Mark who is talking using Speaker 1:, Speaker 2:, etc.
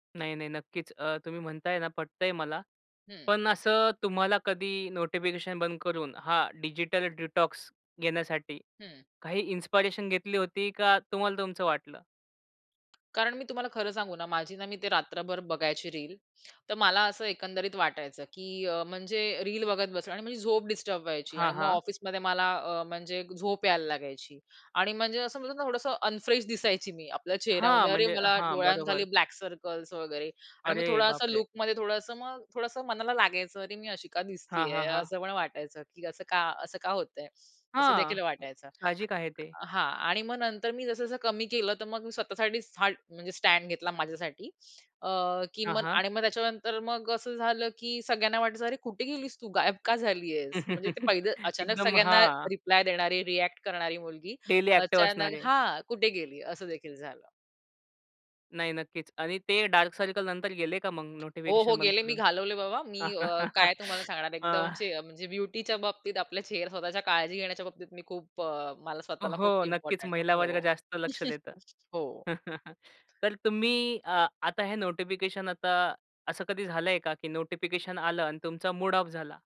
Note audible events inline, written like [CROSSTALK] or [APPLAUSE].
Speaker 1: नाही, नाही. नक्कीच. अ, तुम्ही म्हणताय ना पटतंय मला.
Speaker 2: हं.
Speaker 1: पण असं तुम्हाला कधी नोटिफिकेशन बंद करून, हा डिजिटल डिटॉक्स घेण्यासाठी
Speaker 2: हं.
Speaker 1: काही इन्स्पायरेशन घेतली होती, का तुम्हाला तुमचं वाटलं?
Speaker 2: कारण मी तुम्हाला खरं सांगू ना, माझी ना, मी ते रात्रभर बघायची रील. तर मला असं एकंदरीत वाटायचं, की अ, म्हणजे रील बघत बसणं आणि माझी झोप डिस्टर्ब व्हायची.
Speaker 1: हां,
Speaker 2: आणि मग
Speaker 1: हां.
Speaker 2: ऑफिसमध्ये मला अ, म्हणजे झोप यायला लागायची आणि म्हणजे असं म्हणतो ना, थोडंसं अनफ्रेश दिसायची मी. आपल्या
Speaker 1: हां.
Speaker 2: चेहऱ्यामध्ये अरे!
Speaker 1: म्हणजे
Speaker 2: मला
Speaker 1: हां.
Speaker 2: डोळ्यांखाली
Speaker 1: बरोबर.
Speaker 2: ब्लॅक सर्कल्स वगैरे आणि मग
Speaker 1: अरे
Speaker 2: थोडासा
Speaker 1: बाप रे!
Speaker 2: लूकमध्ये, थोडंसं मग थोडंसं मनाला लागायचं. अरे, मी अशी का
Speaker 1: हां,
Speaker 2: दिसतीये?
Speaker 1: हां, हां.
Speaker 2: असं मला वाटायचं, की असं का, असं का होतंय? असं देखील
Speaker 1: हां.
Speaker 2: वाटायचं.
Speaker 1: साहजिक आहे ते.
Speaker 2: हां. आणि मग नंतर मी जसं-जसं कमी केलं, तर मग मी स्वतःसाठी फार म्हणजे स्टँड घेतला माझ्यासाठी. अ, की
Speaker 1: हां,
Speaker 2: मग
Speaker 1: हां.
Speaker 2: आणि मग त्याच्यानंतर मग असं झालं, की सगळ्यांना वाटायचं अरे, कुठे गेलीस तू? गायब का झाली आहेस? म्हणजे ते पहिलं
Speaker 1: [LAUGHS]
Speaker 2: अचानक
Speaker 1: एकदम.
Speaker 2: सगळ्यांना
Speaker 1: हां.
Speaker 2: रिप्लाय देणारी, रिएक्ट करणारी मुलगी
Speaker 1: डेली ॲक्टिव्ह
Speaker 2: अचानक
Speaker 1: असणारे.
Speaker 2: हां. कुठे गेली? असं देखील झालं.
Speaker 1: नाही. नक्कीच. आणि ते डार्क सर्कल नंतर गेले का, मग
Speaker 2: हो, हो.
Speaker 1: नोटिफिकेशन बंद
Speaker 2: गेले मी
Speaker 1: करून?
Speaker 2: घालवले बाबा. मी अ, काय तुम्हाला
Speaker 1: [LAUGHS]
Speaker 2: सांगणार?
Speaker 1: आ
Speaker 2: एकदमचे अ, म्हणजे ब्युटीच्या बाबतीत, आपल्या चेहरा स्वतःच्या काळजी घेण्याच्या बाबतीत मी खूप अ, मला स्वतःला खूप
Speaker 1: हो. नक्कीच.
Speaker 2: इम्पोर्टंट
Speaker 1: महिला वर्ग
Speaker 2: हो.
Speaker 1: जास्त लक्ष
Speaker 2: [CHUCKLES]
Speaker 1: देतं.
Speaker 2: हो.
Speaker 1: [CHUCKLES] तर तुम्ही अ, आता हे नोटिफिकेशन आता असं कधी झालंय का, की नोटिफिकेशन आलं आणि तुमचा मूड ऑफ झाला?